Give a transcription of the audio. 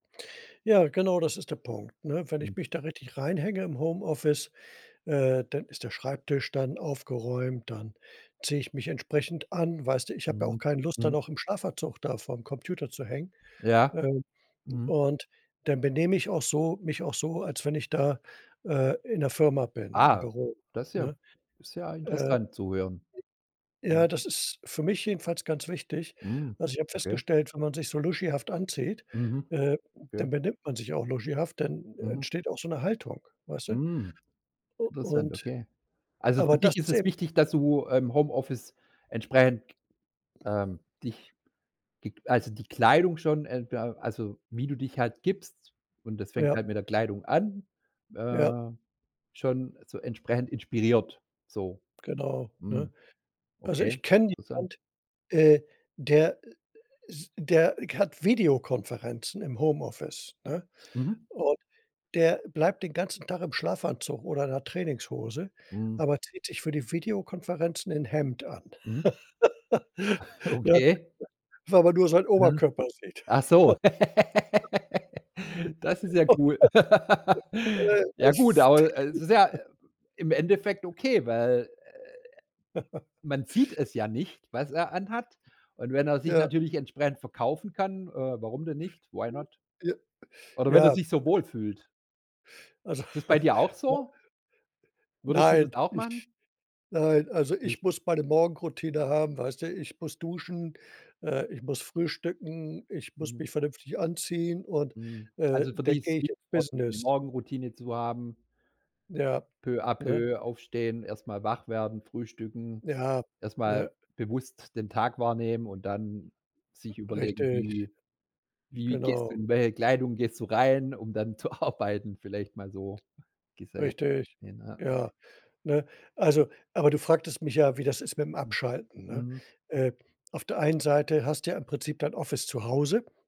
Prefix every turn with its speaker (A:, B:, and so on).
A: Ja, genau, das ist der Punkt, ne? Wenn ich
B: Mhm.
A: mich da richtig reinhänge im Homeoffice, äh, dann ist der Schreibtisch dann aufgeräumt, dann ziehe ich mich entsprechend an. Weißt du, ich habe ja auch
B: Mhm.
A: keine Lust, da
B: Mhm.
A: noch im Schlafanzug da vorm Computer zu hängen.
B: Ja.
A: Ähm,
B: Mhm.
A: und dann benehme ich auch so mich auch so, als wenn ich da, äh, in der Firma bin, im
B: Ah,
A: Büro,
B: das ist ja
A: ne?
B: ist ja
A: Äh, j
B: interessant zu hören. Mhm.
A: Ja, das ist für mich jedenfalls ganz wichtig.
B: Mhm.
A: Also, ich habe
B: Okay.
A: festgestellt, wenn man sich so luschihaft anzieht,
B: Mhm.
A: äh,
B: Okay.
A: dann benimmt man sich auch luschihaft, dann
B: Mhm.
A: entsteht auch so 'ne Haltung, weißt du?
B: Mm.
A: U
B: Interessant,
A: und
B: okay. Also, für
A: aber das
B: dich ist
A: ist
B: es
A: eben
B: wichtig, dass du im Homeoffice entsprechend, ähm, dich, gek also die Kleidung schon, ähm ja, also wie du dich halt gibst und das fängt
A: Ja.
B: halt mit der Kleidung an,
A: Ja.
B: äh, schon so entsprechend inspiriert, so.
A: Genau, ne?
B: Mhm.
A: Also, ich
B: Okay,
A: kenne
B: interessant.
A: jemand, äh, der i ist der hat Videokonferenzen im Homeoffice, ne?
B: Mhm.
A: Und der bleibt den ganzen Tag im Schlafanzug oder in 'ner Trainingshose,
B: Mhm.
A: aber zieht sich für die Videokonferenzen 'n Hemd an.
B: Mhm.
A: Ja,
B: Okay.
A: weil man nur seinen
B: Mhm.
A: Oberkörper sieht.
B: Ach so. Das ist ja
A: Oh
B: cool.
A: Gott,
B: Ja
A: das
B: gut,
A: ist
B: aber, äh, es ist ja im Endeffekt okay, weil, äh, man sieht es ja nicht, was er anhat. Und wenn er sich
A: Ja.
B: natürlich entsprechend verkaufen kann, äh, warum denn nicht? Why not?
A: Ja.
B: Oder wenn er
A: Ja.
B: sich so wohlfühlt.
A: Also,
B: Ist das bei dir auch
A: ja.
B: so? Würdest du
A: Nein,
B: das auch machen?
A: ich nein, also,
B: Nicht.
A: ich muss meine Morgenroutine haben, weißt du, ich muss duschen, äh, ich muss frühstücken, ich muss
B: Mhm.
A: mich vernünftig anziehen und,
B: Mhm,
A: äh,
B: also für
A: dann
B: dich ist
A: gehe
B: es
A: ich ins
B: wichtig, auch die
A: Business.
B: Morgenroutine zu haben.
A: Ja.
B: Peu à
A: Ne?
B: peu aufstehen, erst mal wach werden, frühstücken,
A: Ja,
B: erst mal
A: ne?
B: bewusst den Tag wahrnehmen und dann sich überlegen,
A: Richtig.
B: wie wie gehst du
A: Genau.
B: in welcher Kleidung gehst du rein, um dann zu arbeiten, vielleicht mal so gesehen,
A: Richtig,
B: ne?
A: ja. Ne, also aber du fragtest mich ja, wie das ist mit dem
B: Mhm.
A: Abschalten, ne?
B: Mhm.
A: Äh, auf der einen Seite hast du ja im Prinzip dein Office zu Hause